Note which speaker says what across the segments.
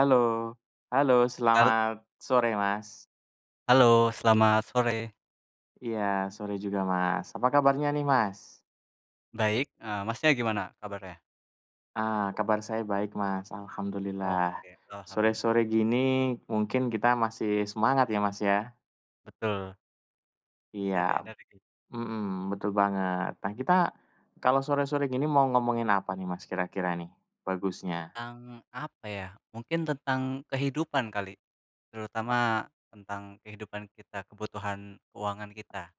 Speaker 1: Halo. Halo.
Speaker 2: Hal
Speaker 1: Selamat sore, Mas.
Speaker 2: Halo. Selamat sore.
Speaker 1: Iya, sore juga, Mas. Apa kabarnya nih, Mas?
Speaker 2: Baik, eee, Masnya gimana kabarnya?
Speaker 1: Ah, kabar saya baik, Mas. Alhamdulillah.
Speaker 2: Oke, alhamdulillah.
Speaker 1: Sore-sore gini mungkin kita masih semangat ya, Mas, ya.
Speaker 2: Betul.
Speaker 1: Iya.
Speaker 2: Masih ada energi.
Speaker 1: Mhm, betul banget. Nah, kita kalau sore-sore gini mau ngomongin apa nih, Mas, kira-kira nih bagusnya?
Speaker 2: Tentang apa ya? Mungkin tentang kehidupan kali, terutama tentang kehidupan kita, kebutuhan keuangan kita.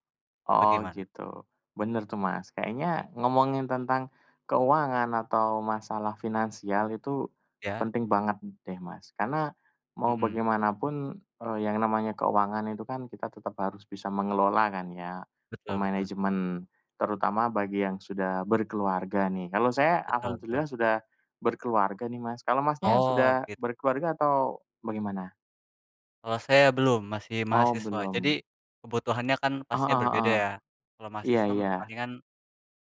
Speaker 1: Oh,
Speaker 2: Bagaimana?
Speaker 1: gitu. Bener tuh, Mas. Kayaknya
Speaker 2: Iya.
Speaker 1: ngomongin tentang keuangan atau masalah finansial itu
Speaker 2: Ya.
Speaker 1: penting banget deh, Mas. Karena mau
Speaker 2: Mmm.
Speaker 1: bagaimanapun, eee, yang namanya keuangan itu kan kita tetap harus bisa mengelola kan ya,
Speaker 2: Betul betul.
Speaker 1: memanajemen, terutama bagi yang sudah berkeluarga nih. Kalau saya
Speaker 2: Betul betul.
Speaker 1: alhamdulillah sudah berkeluarga nih, Mas. Kalau Masnya
Speaker 2: Oh,
Speaker 1: sudah
Speaker 2: git
Speaker 1: berkeluarga atau bagaimana?
Speaker 2: Kalau saya belum, masih
Speaker 1: Oh,
Speaker 2: mahasiswa.
Speaker 1: belum.
Speaker 2: Jadi, kebutuhannya kan
Speaker 1: Heeh
Speaker 2: pastinya berbeda
Speaker 1: heeh.
Speaker 2: ya. Kalau
Speaker 1: Iya
Speaker 2: mahasiswa
Speaker 1: iya.
Speaker 2: palingan,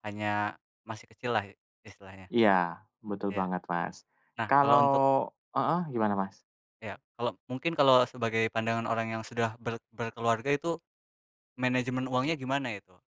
Speaker 2: hanya masih kecil lah istilahnya.
Speaker 1: Iya, betul
Speaker 2: Iya.
Speaker 1: banget Mas,
Speaker 2: Nah, kalau
Speaker 1: kalau
Speaker 2: untuk
Speaker 1: heeh gimana Mas?
Speaker 2: Iya. Kalau mungkin kalau, sebagai pandangan orang yang sudah ber berkeluarga itu, manajemen uangnya gimana itu?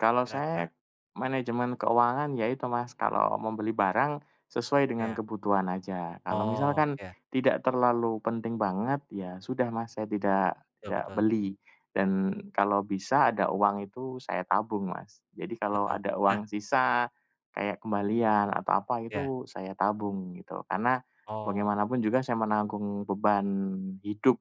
Speaker 1: Kalau
Speaker 2: Kira-kira.
Speaker 1: saya manajemen keuangan ya itu Mas, kalau membeli barang sesuai dengan
Speaker 2: Iya.
Speaker 1: kebutuhan saja. Kalau
Speaker 2: Oh,
Speaker 1: misalkan
Speaker 2: iya.
Speaker 1: tidak terlalu penting banget, ya sudah Mas, saya tidak
Speaker 2: Betul
Speaker 1: tidak
Speaker 2: betul.
Speaker 1: beli. Dan kalau bisa ada uang itu, saya tabung Mas. Jadi, kalau
Speaker 2: Betul,
Speaker 1: ada
Speaker 2: nah
Speaker 1: uang sisa kayak kembalian atau apa
Speaker 2: Iya.
Speaker 1: itu saya tabung, gitu. Karena
Speaker 2: Oh.
Speaker 1: bagaimanapun juga saya menanggung beban hidup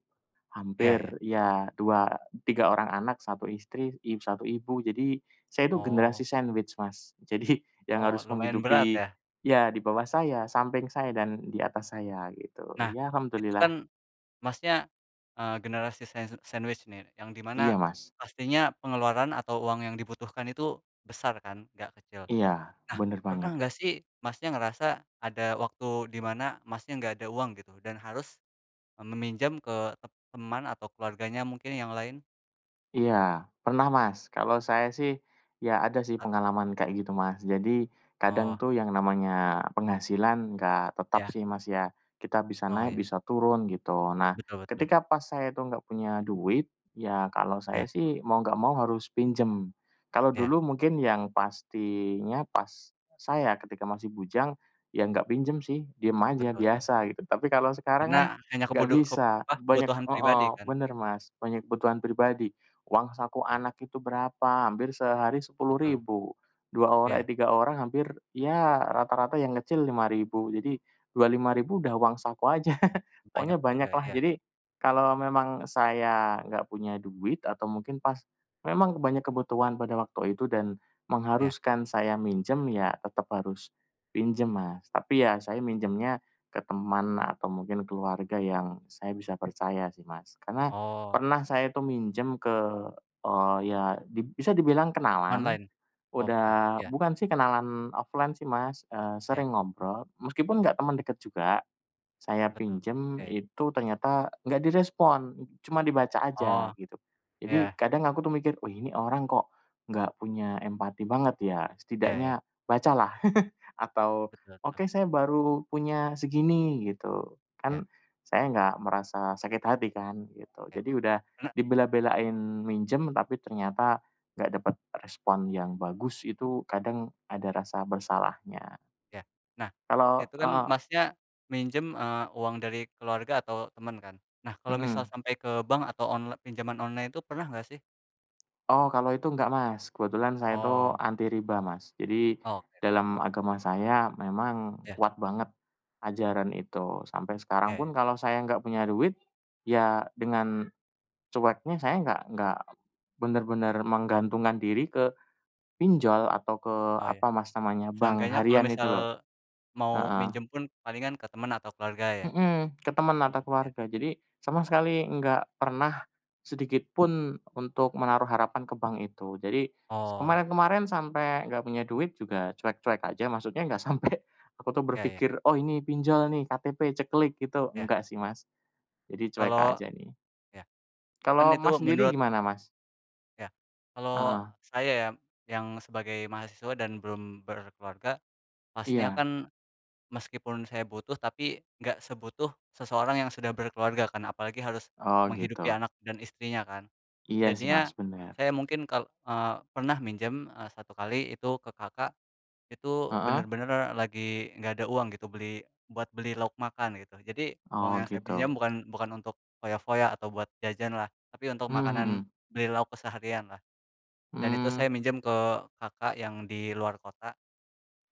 Speaker 2: Iya
Speaker 1: hampir,
Speaker 2: iya.
Speaker 1: iya dua tiga orang anak, 1 istri, i satu ibu. Jadi, saya itu generasi
Speaker 2: Oh.
Speaker 1: sandwich Mas. Jadi, yang
Speaker 2: Oh,
Speaker 1: harus
Speaker 2: lumayan berat
Speaker 1: menghidupi
Speaker 2: ya.
Speaker 1: iya di bawah saya, samping saya dan di atas saya gitu,
Speaker 2: Nah,
Speaker 1: iya
Speaker 2: itu
Speaker 1: Alhamdulillah.
Speaker 2: kan Masnya, eee, generasi sand sandwich nih yang di mana
Speaker 1: Iya Mas.
Speaker 2: pastinya pengeluaran atau uang yang dibutuhkan itu, besar kan, enggak kecil.
Speaker 1: Iya,
Speaker 2: Nah,
Speaker 1: bener
Speaker 2: pernah
Speaker 1: banget.
Speaker 2: enggak sih Masnya, ngerasa ada waktu di mana Masnya, enggak ada uang gitu dan harus e meminjam ke tem teman atau keluarganya mungkin, yang lain?
Speaker 1: Iya, pernah Mas, kalau saya sih ya ada sih
Speaker 2: A
Speaker 1: pengalaman kayak gitu, Mas. Jadi
Speaker 2: Oh.
Speaker 1: kadang tuh yang namanya penghasilan enggak tetap
Speaker 2: Iya.
Speaker 1: sih Mas ya, kita bisa
Speaker 2: Oh,
Speaker 1: naik
Speaker 2: iya.
Speaker 1: bisa turun gitu. Nah,
Speaker 2: Betul betul.
Speaker 1: ketika pas saya itu enggak punya duit, ya kalau
Speaker 2: Iya.
Speaker 1: saya sih mau enggak mau harus pinjem. Kalau
Speaker 2: Iya.
Speaker 1: dulu mungkin yang pastinya pas saya ketika masih bujang, ya enggak pinjam sih. diem aja,
Speaker 2: Betul betul.
Speaker 1: biasa gitu. Tapi kalau sekarang kan
Speaker 2: Karena hanya
Speaker 1: nggak
Speaker 2: kebodo kep
Speaker 1: bisa,
Speaker 2: apa,
Speaker 1: banyak
Speaker 2: kebutuhan pribadi
Speaker 1: heeh,
Speaker 2: kan?
Speaker 1: bener Mas, banyak kebutuhan pribadi, uang saku
Speaker 2: Iya.
Speaker 1: anak itu berapa, hampir sehari sepuluh
Speaker 2: Betul.
Speaker 1: ribu, 2 ora
Speaker 2: Iya.
Speaker 1: eh, 3 orang hampir ya rata-rata yang kecil Rp5.000, jadi Rp25.000 udah uang saku aja.
Speaker 2: Banyak
Speaker 1: Pokoknya banyak
Speaker 2: juga.
Speaker 1: lah,
Speaker 2: Iya.
Speaker 1: jadi kalau memang saya nggak punya duit atau mungkin pas memang banyak kebutuhan pada waktu itu dan
Speaker 2: Iya.
Speaker 1: mengharuskan saya minjam ya, tetep harus pinjam Mas, tapi ya saya
Speaker 2: Bener.
Speaker 1: minjamnya ke teman atau mungkin keluarga yang saya bisa percaya sih Mas, karena
Speaker 2: Oh.
Speaker 1: pernah saya itu minjam ke, eee, ya dib bisa dibilang kenalan,
Speaker 2: Online? Oh, bukan.
Speaker 1: udah,
Speaker 2: Iya.
Speaker 1: bukan sih kenalan offline sih Mas, eee,
Speaker 2: Iya.
Speaker 1: sering ngobrol meskipun nggak temen deket juga, saya
Speaker 2: Betul.
Speaker 1: pinjam
Speaker 2: Oke.
Speaker 1: itu ternyata enggak direspon cuma dibaca aja,
Speaker 2: Oh.
Speaker 1: gitu. Jadi
Speaker 2: Iya.
Speaker 1: kadang aku tuh mikir, "Wih nih orang kok enggak punya empati banget ya?
Speaker 2: Iya iya.
Speaker 1: Setidaknya baca lah, atau
Speaker 2: Betul, heeh.
Speaker 1: oke saya baru punya segini," gitu, kan
Speaker 2: Iya.
Speaker 1: saya enggak merasa sakit hati kan, gitu.
Speaker 2: Iya.
Speaker 1: Jadi udah
Speaker 2: Karena
Speaker 1: dibela-belain minjam, tapi ternyata enggak dapet respon yang bagus, itu kadang ada rasa bersalahnya.
Speaker 2: Iya. Nah,
Speaker 1: Kalau
Speaker 2: itu kan
Speaker 1: heeh.
Speaker 2: Masnya minjem, eee, uang dari keluarga atau temen kan? Nah kalau misal
Speaker 1: Mhm.
Speaker 2: sampai ke bank atau onl pinjaman online, itu pernah nggak sih?
Speaker 1: Oh. kalau itu enggak Mas, kebetulan saya itu
Speaker 2: Oh.
Speaker 1: anti riba Mas, jadi
Speaker 2: Oke deh,
Speaker 1: dalam
Speaker 2: bagus.
Speaker 1: agama saya memang
Speaker 2: Iya.
Speaker 1: kuat banget ajaran itu. Sampai
Speaker 2: Iya
Speaker 1: sekarang
Speaker 2: iya.
Speaker 1: pun kalau saya enggak punya duit, ya dengan cueknya saya enggak enggak benar-benar menggantungkan diri ke pinjol atau ke,
Speaker 2: Oh, ya.
Speaker 1: apa Mas namanya, bank
Speaker 2: Seenggaknya kalo
Speaker 1: harian itu
Speaker 2: misal
Speaker 1: loh.
Speaker 2: mau
Speaker 1: Heeh.
Speaker 2: minjam pun palingan ke teman atau keluarga ya?
Speaker 1: Mhm, ke teman
Speaker 2: Hmm,
Speaker 1: atau
Speaker 2: ya.
Speaker 1: keluarga. Jadi sama
Speaker 2: Oh.
Speaker 1: sekali enggak pernah sedikit pun untuk menaruh harapan ke bank itu. Jadi s
Speaker 2: Oh.
Speaker 1: kemarin-kemarin sampai enggak punya duit juga cuek-cuek aja, maksudnya enggak sampe aku tuh
Speaker 2: Iya iya.
Speaker 1: berpikir, "Oh ini pinjol nih KTP, ceklik," gitu,
Speaker 2: Iya.
Speaker 1: enggak sih Mas. Jadi cuek
Speaker 2: Kalo
Speaker 1: aja nih.
Speaker 2: iya. Kan
Speaker 1: Kalau
Speaker 2: itu
Speaker 1: Mas sendiri
Speaker 2: menurut
Speaker 1: gimana, Mas?
Speaker 2: Ya. Kalau
Speaker 1: Heeh.
Speaker 2: saya ya, yang sebagai mahasiswa dan belum berkeluarga, pastinya
Speaker 1: Iya.
Speaker 2: kan meskipun saya butuh, tapi enggak sebutuh seseorang yang sudah berkeluarga kan, apalagi harus
Speaker 1: Oh,
Speaker 2: menghidupi
Speaker 1: gitu.
Speaker 2: anak dan istrinya kan.
Speaker 1: Iya sih, Mas,
Speaker 2: Jadinya,
Speaker 1: bener.
Speaker 2: saya mungkin kal eee, pernah minjem, eee, 1 kali itu ke kakak, itu
Speaker 1: Heeh.
Speaker 2: bener-bener lagi enggak ada uang gitu, beli buat beli lauk makan gitu. Jadi, uang
Speaker 1: Oh,
Speaker 2: yang saya pinjam
Speaker 1: gitu.
Speaker 2: bukan bukan untuk foya-foya atau buat jajan lah, tapi untuk
Speaker 1: Mhm
Speaker 2: makanan
Speaker 1: mhm.
Speaker 2: beli lauk keseharian lah. Dan itu
Speaker 1: Hmm.
Speaker 2: saya minjem ke kakak yang di luar kota.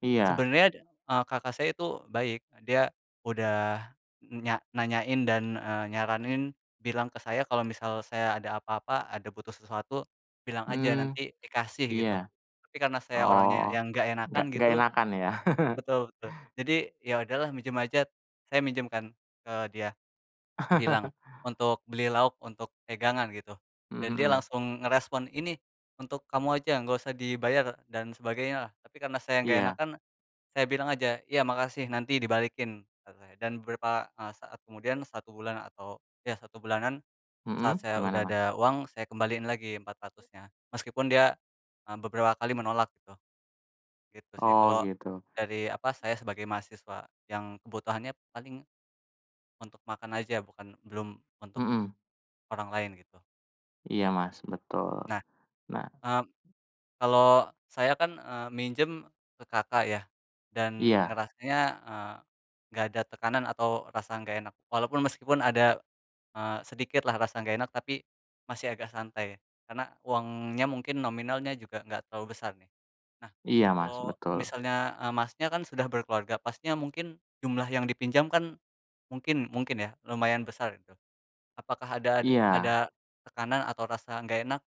Speaker 1: Iya.
Speaker 2: Sebenernya, eee, kakak saya itu baik. Dia udah e e nya nanyain dan eee, nyaranin bilang ke saya kalau misal saya ada apa-apa, ada butuh sesuatu, bilang aja
Speaker 1: Mmm,
Speaker 2: nanti dikasih,
Speaker 1: iya.
Speaker 2: gitu. Tapi karena saya
Speaker 1: Oh,
Speaker 2: orangnya yang enggak
Speaker 1: enggak
Speaker 2: enakan
Speaker 1: enggak
Speaker 2: gitu
Speaker 1: enakan ya.
Speaker 2: betul betul, jadi, ya udahlah minjem aja, saya minjem kan ke dia. Bilang untuk beli lauk, untuk pegangan gitu.
Speaker 1: Mmm,
Speaker 2: Dan dia
Speaker 1: mhm.
Speaker 2: langsung ngerespon, "Ini untuk kamu aja, enggak usah dibayar," dan sebagainya lah. Tapi karena saya enggak
Speaker 1: Iya.
Speaker 2: enakan, saya bilang aja "Iya, makasih nanti dibalikin," kata saya dan beberapa, eee, saat kemudian, 1 bulan atau ya 1 bulanan,
Speaker 1: Mhm,
Speaker 2: saat saya
Speaker 1: gimana,
Speaker 2: udah
Speaker 1: Mas?
Speaker 2: ada uang, saya kembaliin lagi 400-nya meskipun dia eee, beberapa kali menolak, gitu. Gitu sih.
Speaker 1: Oh,
Speaker 2: Kalau
Speaker 1: gitu.
Speaker 2: dari, apa, saya sebagai mahasiswa, yang kebutuhannya paling, untuk makan aja, bukan belum untuk
Speaker 1: Mhm.
Speaker 2: orang lain, gitu.
Speaker 1: Iya Mas, betul
Speaker 2: Nah,
Speaker 1: nah.
Speaker 2: mmm, kalau saya kan eee, minjem ke kakak ya, dan
Speaker 1: Iya.
Speaker 2: ngerasanya eee, enggak ada tekanan atau rasa enggak enak. Walaupun meskipun ada eee, sedikit lah rasa enggak enak, tapi masih agak santai, karena uangnya mungkin nominalnya juga enggak terlalu besar nih. Nah,
Speaker 1: Iya Mas,
Speaker 2: kalau
Speaker 1: betul.
Speaker 2: misalnya eee, Masnya, kan sudah berkeluarga, pastinya mungkin jumlah yang dipinjam kan, mungkin mungkin ya, lumayan besar gitu. Apakah ada ad ada
Speaker 1: Iya.
Speaker 2: tekanan atau rasa enggak enak,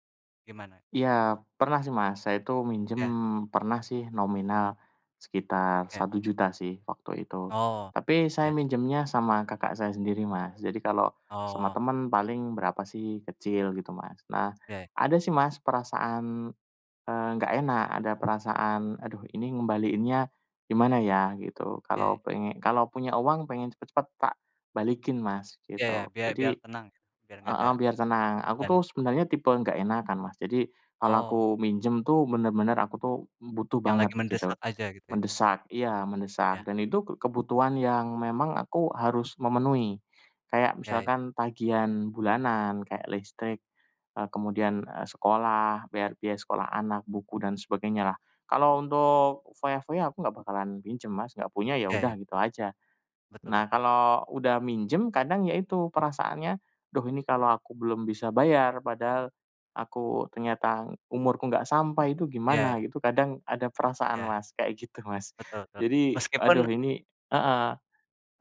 Speaker 2: gimana?
Speaker 1: Iya, pernah sih Mas, saya itu minjem,
Speaker 2: Ya.
Speaker 1: pernah sih nominal sekitar
Speaker 2: Ya.
Speaker 1: Rp1.000.000 sih waktu itu.
Speaker 2: Oh.
Speaker 1: Tapi saya
Speaker 2: Ya.
Speaker 1: minjemnya sama kakak saya sendiri Mas. Jadi, kalau sama
Speaker 2: Oh.
Speaker 1: temen paling berapa sih, kecil gitu Mas. Nah,
Speaker 2: Oke.
Speaker 1: ada sih Mas, perasaan eee, enggak enak, ada perasaan, "aduh ini ngembaliinnya gimana ya," gitu.
Speaker 2: Oke.
Speaker 1: Kalau pengen kalau punya uang pengen cepet-cepet tak balikin Mas,
Speaker 2: Ya ya
Speaker 1: gitu.
Speaker 2: biar biar
Speaker 1: Jadi
Speaker 2: tenang, biar enggak ada
Speaker 1: heeh biar tenang. Aku
Speaker 2: dan
Speaker 1: tuh sebenarnya tipe enggak enakan Mas. Jadi, kalau aku
Speaker 2: Oh.
Speaker 1: minjem tuh bener-bener aku tuh butuh
Speaker 2: Yang
Speaker 1: banget,
Speaker 2: lagi
Speaker 1: gitu.
Speaker 2: mendesak aja gitu ya.
Speaker 1: Mendesak, iya mendesak.
Speaker 2: Ya.
Speaker 1: Dan itu kebutuhan yang memang aku harus memenuhi. Kayak
Speaker 2: Oke.
Speaker 1: misalkan tagihan bulanan kayak listrik, eee, kemudian sekolah, bayar biaya sekolah anak, buku dan sebagainya lah. Kalau untuk foya-foya aku enggak bakalan pinjem Mas, enggak punya, ya
Speaker 2: Ya ya.
Speaker 1: udah gitu aja.
Speaker 2: Betul
Speaker 1: Nah,
Speaker 2: betul.
Speaker 1: kalau udah minjem kadang ya itu perasaannya "duh ini kalau aku belum bisa bayar, padahal aku ternyata umurku nggak sampai itu gimana,"
Speaker 2: Iya.
Speaker 1: gitu. Kadang ada perasaan
Speaker 2: Ya
Speaker 1: Mas, kayak gitu Mas.
Speaker 2: betul betul.
Speaker 1: Jadi,
Speaker 2: Meskipun
Speaker 1: aduh ini heeh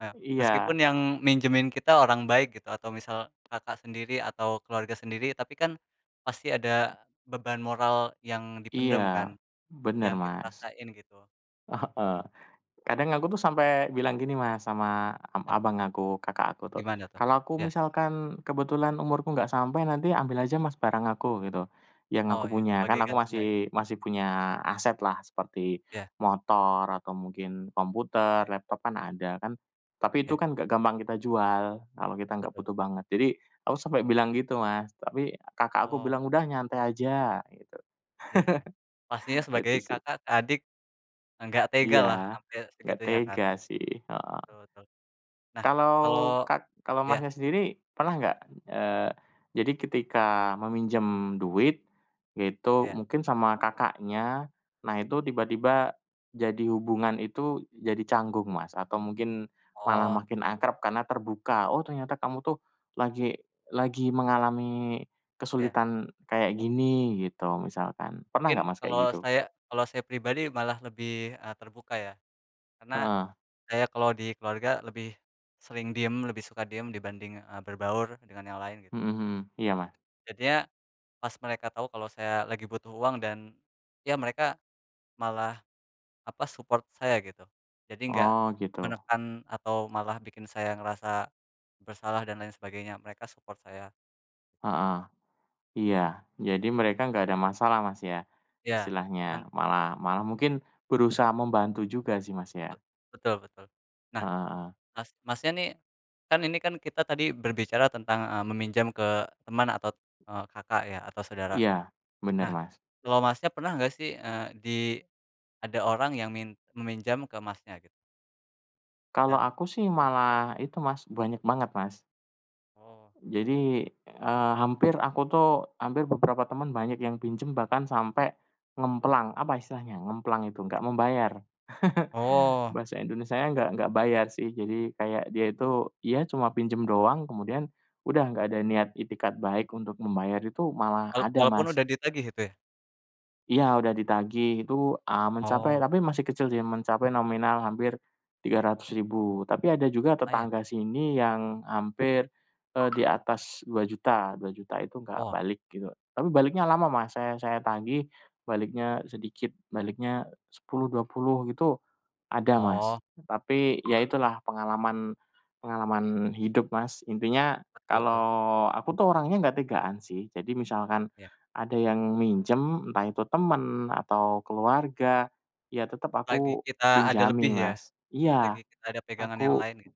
Speaker 2: Eee,
Speaker 1: iya.
Speaker 2: meskipun yang minjemin kita orang baik gitu atau misal kakak sendiri atau keluarga sendiri. Tapi kan, pasti ada beban moral yang dipendam kan,
Speaker 1: Iya, bener
Speaker 2: yang kita
Speaker 1: Mas.
Speaker 2: rasain gitu.
Speaker 1: Heeh kadang aku tuh sampai bilang gini Mas, sama ab
Speaker 2: [unintelligible]
Speaker 1: abang aku, kakak aku tuh,
Speaker 2: Gimana tuh?
Speaker 1: kalau aku
Speaker 2: Ya.
Speaker 1: misalkan kebetulan umurku enggak sampai, nanti ambil aja Mas, barang aku, gitu, yang aku
Speaker 2: Oh ya,
Speaker 1: punya. Kan
Speaker 2: sebagai
Speaker 1: aku
Speaker 2: gantinya.
Speaker 1: masih masih punya aset lah, seperti
Speaker 2: Ya.
Speaker 1: motor atau mungkin komputer, laptop kan ada, kan. Tapi, itu
Speaker 2: Ya.
Speaker 1: kan enggak gampang kita jual, kalau kita enggak
Speaker 2: Betul.
Speaker 1: butuh banget. Jadi, aku sampai bilang gitu Mas, tapi kakak aku
Speaker 2: Oh.
Speaker 1: bilang "udah nyantai aja," gitu.
Speaker 2: Ya ya. Pastinya
Speaker 1: Itu
Speaker 2: sebagai
Speaker 1: sih.
Speaker 2: kakak ke adik, enggak tega
Speaker 1: Iya,
Speaker 2: lah sampai
Speaker 1: enggak
Speaker 2: segitunya
Speaker 1: tega
Speaker 2: kan.
Speaker 1: sih heeh.
Speaker 2: Betul betul, nah,
Speaker 1: Kalau
Speaker 2: kalau
Speaker 1: kak kalau
Speaker 2: iya?
Speaker 1: Masnya, sendiri pernah enggak, eee, jadi ketika meminjam duit, itu
Speaker 2: Iya.
Speaker 1: mungkin sama kakaknya, nah itu tiba-tiba jadi hubungan itu jadi canggung Mas, atau mungkin malah
Speaker 2: Oh.
Speaker 1: makin akrab karena terbuka. "oh ternyata kamu tuh lagi lagi mengalami
Speaker 2: Ya,
Speaker 1: kesulitan kayak
Speaker 2: mmm.
Speaker 1: gini," gitu misalkan. Pernah enggak
Speaker 2: Mungkin,
Speaker 1: Mas, kayak
Speaker 2: kalau
Speaker 1: gitu?
Speaker 2: saya kalau saya pribadi malah lebih eee, terbuka ya, karena
Speaker 1: Heeh.
Speaker 2: saya kalau di keluarga lebih sering diem, lebih suka diem dibanding eee, berbaur dengan yang lain, gitu.
Speaker 1: Mhm mhm, iya, Mas.
Speaker 2: Jadinya pas mereka tahu kalau saya lagi butuh uang dan iya mereka malah apa support saya gitu. Jadi enggak
Speaker 1: Oh, gitu.
Speaker 2: menekan atau malah bikin saya ngerasa bersalah dan lain sebagainya. Mereka support saya.
Speaker 1: Heeh,
Speaker 2: Mhm.
Speaker 1: iya. Jadi mereka enggak ada masalah, Mas, ya,
Speaker 2: Iya, kan
Speaker 1: istilahnya malah malah mungkin berusaha membantu juga sih,
Speaker 2: B
Speaker 1: Masnya?
Speaker 2: betul betul. Nah,
Speaker 1: Heeh heeh.
Speaker 2: Mas Masnya, nih, kan ini kan kita tadi berbicara tentang a meminjam ke teman atau, eee, kakak, ya atau saudara.
Speaker 1: Iya, bener,
Speaker 2: Nah
Speaker 1: Mas.
Speaker 2: kalau, Masnya, pernah nggak sih, eee, di ada orang yang min meminjam ke, Masnya, gitu?
Speaker 1: Kalau
Speaker 2: Dan
Speaker 1: aku sih
Speaker 2: tanggapannya gimana?
Speaker 1: malah itu, Mas, banyak banget, Mas.
Speaker 2: Oh.
Speaker 1: Jadi, eee, hampir aku tuh hampir beberapa temen banyak yang pinjam bahkan sampai ngemplang. Apa istilahnya, ngemplang itu, enggak membayar.
Speaker 2: Oh.
Speaker 1: Bahasa Indonesianya enggak enggak bayar sih. Jadi kayak dia itu, iya cuma pinjem doang. Kemudian udah nggak ada niat itikad baik untuk membayar itu malah
Speaker 2: Walau
Speaker 1: ada,
Speaker 2: walaupun
Speaker 1: Mas.
Speaker 2: udah ditagih gitu ya.
Speaker 1: Iya udah ditagih itu, ah, mencapai
Speaker 2: Oh.
Speaker 1: tapi masih kecil sih ...mencapai nominal hampir 300.000. Tapi ada juga
Speaker 2: Lumayan.
Speaker 1: tetangga sini yang hampir, eee, di atas 2.000.000, 2.000.000 itu nggak
Speaker 2: Wah.
Speaker 1: balik gitu. Tapi baliknya lama Mas, saya saya tagih baliknya sedikit, baliknya 10, 20 gitu, ada
Speaker 2: Oh.
Speaker 1: Mas. Tapi ya itulah pengalaman pengalaman hidup Mas. Intinya
Speaker 2: Betul tuh.
Speaker 1: kalau aku tuh orangnya nggak tegaan sih. Jadi misalkan
Speaker 2: Iya.
Speaker 1: ada yang minjem, entah itu temen atau keluarga, ya tetep
Speaker 2: Lagi
Speaker 1: aku
Speaker 2: kita ada lebih
Speaker 1: pinjami
Speaker 2: ya,
Speaker 1: Mas. Iya
Speaker 2: lagi kita ada pegangan yang
Speaker 1: aku
Speaker 2: lainnya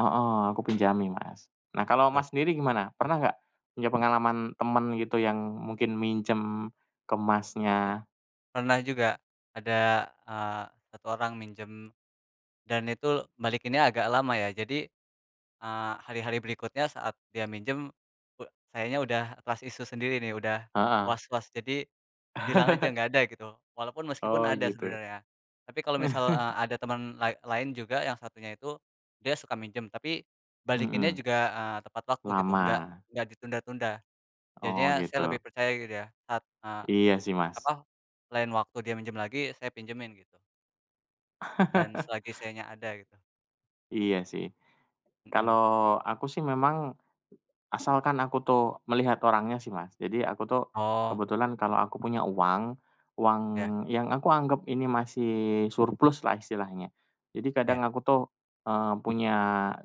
Speaker 1: heeh ...aku pinjami, Mas. Nah kalau
Speaker 2: Betul.
Speaker 1: Mas sendiri gimana? Pernah enggak punya pengalaman temen gitu yang mungkin minjem ke
Speaker 2: [unintelligible]
Speaker 1: Masnya?
Speaker 2: Pernah juga, ada, eee, 1 orang minjem dan itu balikinnya agak lama ya. Jadi, eee, hari-hari berikutnya saat dia minjem, uda kayaknya udah trust issue sendiri nih, udah
Speaker 1: Heeh.
Speaker 2: was-was. Jadi bilang aja enggak ada gitu walaupun meskipun
Speaker 1: Oh,
Speaker 2: ada
Speaker 1: gitu.
Speaker 2: sebenarnya. Tapi kalau misal e ada temen lai lain juga yang satunya itu dia suka minjem tapi
Speaker 1: Heeh.
Speaker 2: balikinnya juga, eee, tepat waktu gitu
Speaker 1: Lama.
Speaker 2: nggak nggak ditunda-tunda.
Speaker 1: Oh,
Speaker 2: Jadinya saya lebih
Speaker 1: gitu.
Speaker 2: percaya gitu ya saat, eee,
Speaker 1: Iya sih, Mas.
Speaker 2: apa? Lain waktu dia minjem lagi, saya pinjemin gitu. Dan selagi sayanya ada gitu.
Speaker 1: Iya sih.
Speaker 2: Mhm.
Speaker 1: Kalau aku sih memang asalkan aku tuh melihat orangnya sih, Mas. Jadi, aku tuh
Speaker 2: Oh.
Speaker 1: kebetulan kalau aku punya uang, uang
Speaker 2: Ya.
Speaker 1: yang aku anggap ini masih surplus lah istilahnya. Jadi, kadang
Speaker 2: Ya.
Speaker 1: aku tuh, eee, punya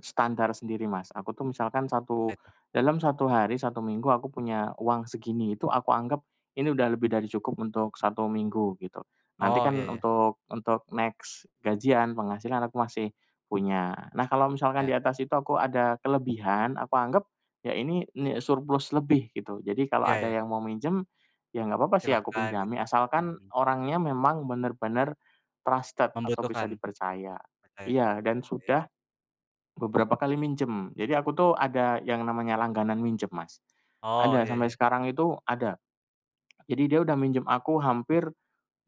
Speaker 1: standar sendiri, Mas, aku tuh misalkan
Speaker 2: Apa
Speaker 1: 1
Speaker 2: itu?
Speaker 1: dalam 1 hari, 1 minggu aku punya uang segini, itu aku anggap ini udah lebih dari cukup untuk 1 minggu, gitu. Nanti
Speaker 2: Oh,
Speaker 1: kan
Speaker 2: iya iya.
Speaker 1: untuk untuk next gajian, penghasilan aku masih punya. Nah, kalau misalkan
Speaker 2: Ya.
Speaker 1: di atas itu aku ada kelebihan, aku anggap ya ini ni surplus lebih gitu. Jadi, kalau
Speaker 2: Iya,
Speaker 1: ada
Speaker 2: ya.
Speaker 1: yang mau minjem, ya nggak apa-apa sih aku
Speaker 2: Silahkan gitu.
Speaker 1: pinjami, asalkan
Speaker 2: Mhm.
Speaker 1: orangnya memang bener-bener trusted atau bisa
Speaker 2: Membutuhkan.
Speaker 1: dipercaya.
Speaker 2: Percaya.
Speaker 1: Iya, dan
Speaker 2: Oh, ya.
Speaker 1: sudah beberapa kali minjem. Jadi aku tuh ada yang namanya langganan minjem, Mas.
Speaker 2: Oh,
Speaker 1: Ada
Speaker 2: iya
Speaker 1: sampai
Speaker 2: iya.
Speaker 1: sekarang itu, ada. Jadi, dia udah minjem aku hampir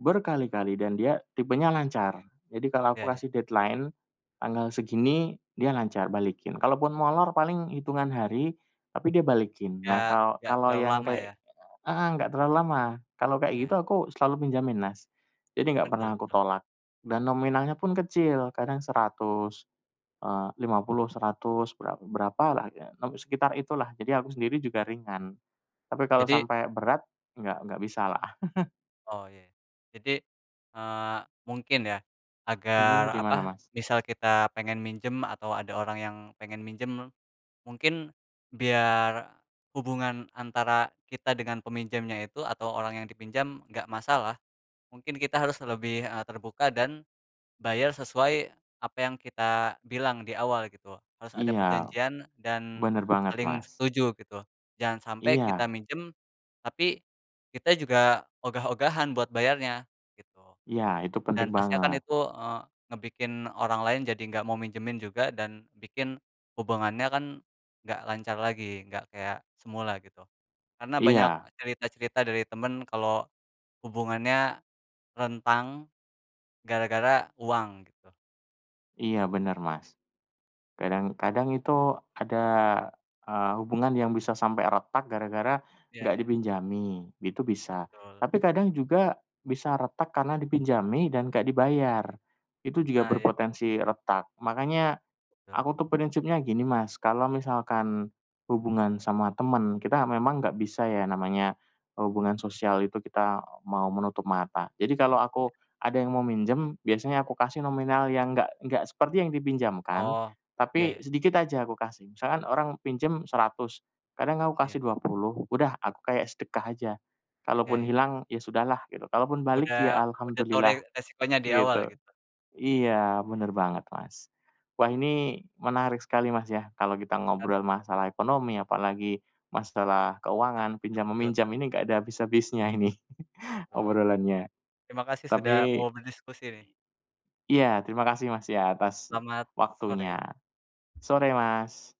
Speaker 1: berkali-kali dan dia tipenya lancar. Jadi, kalau aku
Speaker 2: Iya, ya.
Speaker 1: kasih deadline tanggal segini, dia lancar balikin. Kalaupun molor paling hitungan hari tapi dia balikin. Nah,
Speaker 2: Nggak
Speaker 1: kalau
Speaker 2: nggak
Speaker 1: kalau
Speaker 2: terlalu
Speaker 1: yang
Speaker 2: lama
Speaker 1: kayak
Speaker 2: ya.
Speaker 1: heeh, enggak terlalu lama. Kalau kayak
Speaker 2: Ya.
Speaker 1: gitu aku selalu pinjemin, Mas, jadi enggak
Speaker 2: Betul
Speaker 1: pernah aku
Speaker 2: betul.
Speaker 1: tolak. Dan nominalnya pun kecil, kadang 100, eee, 50,
Speaker 2: Betul.
Speaker 1: 100, bera berapalah, sekitar itulah, jadi aku sendiri juga ringan. Tapi kalau
Speaker 2: Jadi
Speaker 1: sampai berat, enggak enggak bisalah.
Speaker 2: Oh iya. Jadi, eee, mungkin ya, agar
Speaker 1: Mhm, gimana,
Speaker 2: apa,
Speaker 1: Mas?
Speaker 2: misal kita pengen minjem atau ada orang yang pengen minjem, mungkin biar hubungan antara kita dengan peminjamnya itu atau orang yang dipinjam enggak masalah. Mungkin kita harus lebih, eee, terbuka dan bayar sesuai apa yang kita bilang di awal gitu. Harus ada
Speaker 1: Iya.
Speaker 2: perjanjian dan
Speaker 1: Bener banget,
Speaker 2: saling
Speaker 1: Mas.
Speaker 2: setuju gitu. Jangan sampai kita
Speaker 1: Iya.
Speaker 2: minjem, tapi kita juga ogah-ogahan buat bayarnya, gitu.
Speaker 1: Iya, itu penting
Speaker 2: Dan pasti akan
Speaker 1: banget.
Speaker 2: itu, eee, ngebikin orang lain jadi enggak mau minjemin juga dan bikin hubungannya kan enggak lancar lagi, enggak kayak semula gitu. Karena banyak
Speaker 1: Iya.
Speaker 2: cerita-cerita dari temen kalau hubungannya rentang gara-gara uang, gitu.
Speaker 1: Iya bener, Mas, kadang-kadang itu ada, eee, hubungan yang bisa sampe retak gara-gara
Speaker 2: Iya
Speaker 1: nggak
Speaker 2: iya.
Speaker 1: dipinjami, itu bisa.
Speaker 2: Betul.
Speaker 1: Tapi kadang juga bisa retak karena dipinjami dan enggak dibayar, itu juga
Speaker 2: Nah, iya.
Speaker 1: berpotensi retak. Makanya
Speaker 2: Betul.
Speaker 1: aku tuh prinsipnya gini, Mas, kalau misalkan hubungan sama temen, kita memang enggak bisa ya namanya hubungan sosial itu kita mau menutup mata. Jadi kalau aku ada yang mau minjem, biasanya aku kasih nominal yang enggak enggak seperti yang dipinjamkan.
Speaker 2: Oh, iya
Speaker 1: Tapi
Speaker 2: ya.
Speaker 1: sedikit aja aku kasih. Misalkan orang pinjam Rp100.000 kadang aku
Speaker 2: Iya.
Speaker 1: kasih Rp20.000 udah aku kayak sedekah aja.
Speaker 2: Iya
Speaker 1: Kalaupun
Speaker 2: ya.
Speaker 1: hilang ya sudahlah gitu. Kalaupun balik ya
Speaker 2: Sudah sudah tahu re
Speaker 1: Alhamdulillah,
Speaker 2: resikonya di awal
Speaker 1: gitu.
Speaker 2: gitu.
Speaker 1: Iya bener banget, Mas. Wah ini menarik sekali, Mas, ya, kalau kita
Speaker 2: Menarik
Speaker 1: ngobrol
Speaker 2: menarik.
Speaker 1: masalah ekonomi, apalagi masalah
Speaker 2: Hutang
Speaker 1: keuangan, pinjam-meminjam
Speaker 2: hutang-piutang.
Speaker 1: ini enggak ada habis-habisnya ini
Speaker 2: Betul.
Speaker 1: obrolannya,
Speaker 2: Terima kasih sudah
Speaker 1: tapi
Speaker 2: mau berdiskusi nih.
Speaker 1: iya, terima kasih, Mas, ya atas
Speaker 2: Selamat
Speaker 1: waktunya.
Speaker 2: sore!
Speaker 1: Sore, Mas!